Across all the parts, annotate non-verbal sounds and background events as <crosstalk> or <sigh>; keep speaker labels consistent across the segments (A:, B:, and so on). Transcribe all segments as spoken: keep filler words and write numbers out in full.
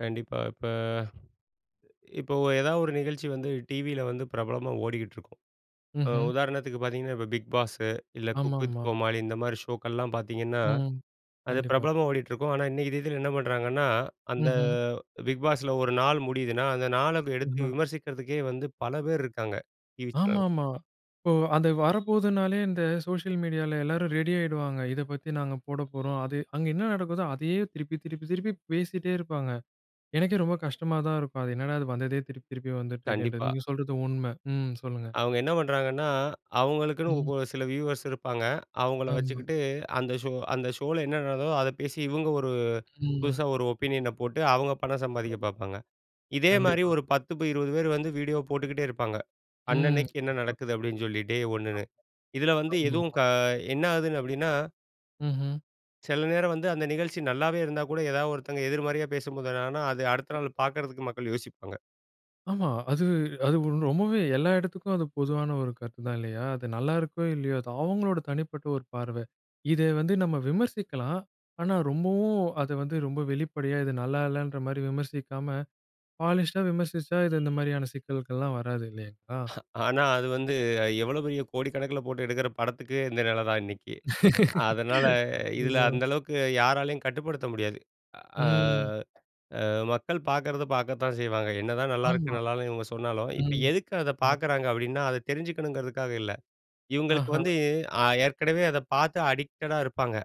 A: கண்டிப்பா. இப்ப இப்ப ஒ ஏதாவது ஒரு நிகழ்ச்சி வந்து டிவில வந்து பிரபலமா ஓடிக்கிட்டிருக்கும். அ
B: ம்ஹ்ம்.
A: உதாரணத்துக்கு பார்த்தீங்கன்னா, இப்ப 'பிக் பாஸு', இல்ல
B: ஆமா,
A: 'குக் வித்
B: ஆமா.
A: கோமாளி' இந்த மாரி ஷோக்கள்லாம் பார்த்தீங்கன்னா,
B: ம்.
A: அது
B: கண்டிப்பா.
A: பிரபலமா ஓடிட்ருக்கும். ஆனா இன்னக்கு தேதில என்ன பண்ணுறாங்கன்னா, அந்த
B: ம்ஹ்ம்.
A: பிக் பாஸில ஒரு நாள் முடியுதுன்னா, அந்த நாள எடுத்து
B: ம். அ.
A: விமர்சிக்கிறதுக்கே வந்து பல பேர் இருக்காங்க டிவி
B: ஆமா,
A: சே
B: ஆமா. இப்போ அது வரப்போதுனாலே இந்த சோசியல் மீடியால எல்லாரும் ரெடி ஆய்டுவாங்க. இத பத்தி நாங்க போடப்போறோம். அது அங்க என்ன நடக்குதோ அதயே திருப்பி திருப்பி திருப்பி பேசிட்டே இருப்பாங்க. எனக்கே ரொம்ப கஷ்டமா தான் இருக்கும். அது என்னடா அது வந்ததே திருப்பி திருப்பி வந்துட்டுருக்குன்றது.
A: கண்டிப்பா.
B: நீங்க சொல்றது உண்மை. ம் சொல்லுங்க.
A: அவுங்க என்ன பண்றாங்கன்னா, அவங்களுக்குன்னு
B: ம்.
A: கொ சில வியூவர்ஸ் இருப்பாங்க. அவங்கள
B: ஆமா.
A: வச்சுக்கிட்டு அந்த ஷோ அந்த ஷோல என்ன நடக்குதோ அத பேசி இவங்க ஒரு
B: ஆமா.
A: புதுசா ஒரு ஒப்பீனியன போட்டு அவங்க பணம் சம்பாதிக்க
B: ஆமா.
A: பார்ப்பாங்க. இதே மாரி
B: கண்டிப்பா.
A: ஒரு பத்து ப இருவது பேர் வந்து வீடியோ போட்டுக்கிட்டே இருப்பாங்க.
B: ம்.
A: "அன்னன்னைக்கு என்ன
B: <unintelligible>
A: நடக்குது?" அப்படீன்னு சொல்லி டே ஒண்ணுனு.
B: <unintelligible>
A: இதுல வந்து எதுவும்
B: ஆமா.
A: க என்ன ஆகுதுன்னு அப்படீன்னா
B: ம்ஹ்ம்.
A: சில நேரம் வந்து அந்த நிகழ்ச்சி நல்லாவே இருந்தா கூட, எதாவது ஒருத்தங்க எதிர்மறையா பேசும்போது, அது ஆனா அது அடுத்த
B: ம்.
A: நாள் பார்க்கறதுக்கு மக்கள் யோசிப்பாங்க.
B: ஆமா. அது அது ரொம்பவே எல்லா இடத்துக்கும் அது பொதுவான ஒரு கருத்துதான் இல்லையா? அது நல்லா இருக்கோ, இல்லையோ அது அவங்களோட தனிப்பட்ட ஒரு பார்வை. இதை வந்து நம்ம விமர்சிக்கலாம். ஆனா ரொம்பவும் அத வந்து ரொம்ப வெளிப்படையா, இது நல்லா இல்லன்ற மாரி விமர்சிக்காம, பாலிஷ்டா விமர்சிஷா, இது இந்த மாரியான சிக்கல்கள்லாம் வராது இல்லைங்களா?
A: ஹா, ஆனா அது வந்து எவ்வளோ பெரிய கோடிக்கணக்கில போட்டு எடுக்கிற படத்துக்கு, இந்த நில தான் இன்னைக்கு. அதனால
B: <laughs>
A: இதுல
B: ஆமா.
A: அந்த அளவுக்கு யாராலயும் கட்டுப்படுத்த முடியாது. அ
B: ம்.
A: அ மக்கள் பார்க்குறத பார்க்கத்தான் செய்வாங்க. என்னதான் நல்லாயிருக்கு,
B: ஆமா.
A: நல்லா இல்லன்னு இவங்க சொன்னாலும் "இப்ப
B: ம்.
A: எதுக்கு அத
B: <unintelligible>
A: பார்க்குறாங்க?" அப்படீன்னா, அத தெரிஞ்சுக்கணுங்கிறதுக்காக இல்ல. இவங்களுக்கு
B: ஆஹா!
A: வந்து அ ஏற்கனவே அத பார்த்து அடிக்டடா இருப்பாங்க.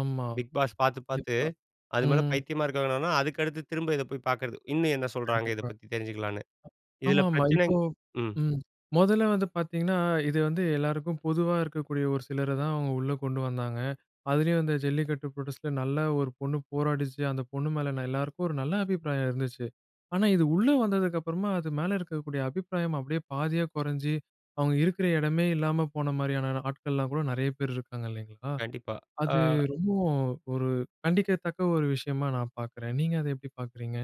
B: ஆமா.
A: 'பிக் பாஸ்' பார்த்து பார்த்து
B: கண்டிப்பா.
A: அது மேல
B: ம்.
A: பைத்தியமா இருக்கிறவங்கன்னா, அதுக்கடுத்து திரும்ப இதை போய் பார்க்கிறது. "இன்னும் என்ன சொல்றாங்க?" இத
B: கண்டிப்பா.
A: பத்தி தெரிஞ்சுகலாம்ன்னு. இதில
B: ஆமாமா.
A: பிரச்சனை
B: இப்போ
A: ம்.
B: ம். மொதல்ல வந்து பார்த்தீங்கன்னா, இது வந்து எல்லாருக்கும் பொதுவா இருக்கக்கூடிய ஒரு சிலர தான் அவங்க உள்ள கொண்டு வந்தாங்க. அதுலயும் அந்த ஜல்லிக்கட்டு புரோடெஸ்ட்டில நல்லா ஒரு பொண்ணு போராடிச்சு. அந்த பொண்ணு மேல ந எல்லாருக்கும் ஒரு நல்ல அபிப்பிராயம் இருந்துச்சு. ஆனா இது உள்ள வந்ததுக்கப்பறமா, அது மேல இருக்கக்கூடிய அபிப்பிராயம் அப்படியே பாதியா கொறைஞ்சு அவங்க இருக்கிற இடமே இல்லாம போன மாரியான ஆட்கள்லாம் கூட நெறைய பேர் இருக்காங்க இல்லைங்களா?
A: கண்டிப்பா.
B: அது
A: ஆ.
B: ரொம்பவும் ஒரு கண்டிக்கத்தக்க ஒரு விஷயமா நான் பார்க்குறேன். நீங்க அத எப்படி பார்க்குறீங்க?